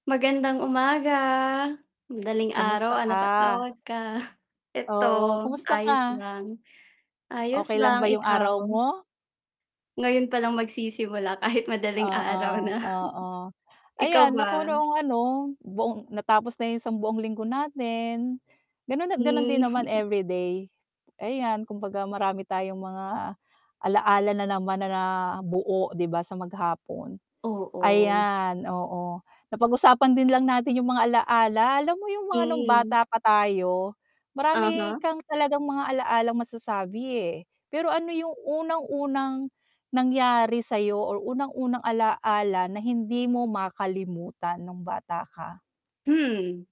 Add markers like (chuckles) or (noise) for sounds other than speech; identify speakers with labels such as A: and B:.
A: Magandang umaga. Madaling
B: Kamusta
A: araw, ah,
B: ka?
A: napatawag ka? (chuckles) Eto,
B: Oo, kumusta
A: ayos
B: ka?
A: lang. Ayos
B: Okey lang
A: lang,
B: ba yung
A: ikaw?
B: araw mo?
A: Ngayon palang magsisimula kahit madaling araw
B: Oo,
A: na.
B: oo.
A: (chuckles) Ikaw
B: Ayan ako
A: ba?
B: noong ano, buong natapos na yung sang buong linggo natin. Ganon at ganon din
A: Hmm.
B: naman
A: (chuckles)
B: everyday. Ayan kumbaga marami tayong mga alaala nanaman na buo 'di ba sa maghapon.
A: Oo.
B: Ayan, oo. Napag-usapan din lang natin yung mga alaala, alam mo yung mga nung
A: Mm.
B: bata pa tayo marami
A: Uh-huh.
B: kang talagang mga alaalang masasabi, eh. Pero ano yung unang-unang nangyari sayo or unang-unang alaala na hindi mo makalimutan nung bata ka?
A: Hmm.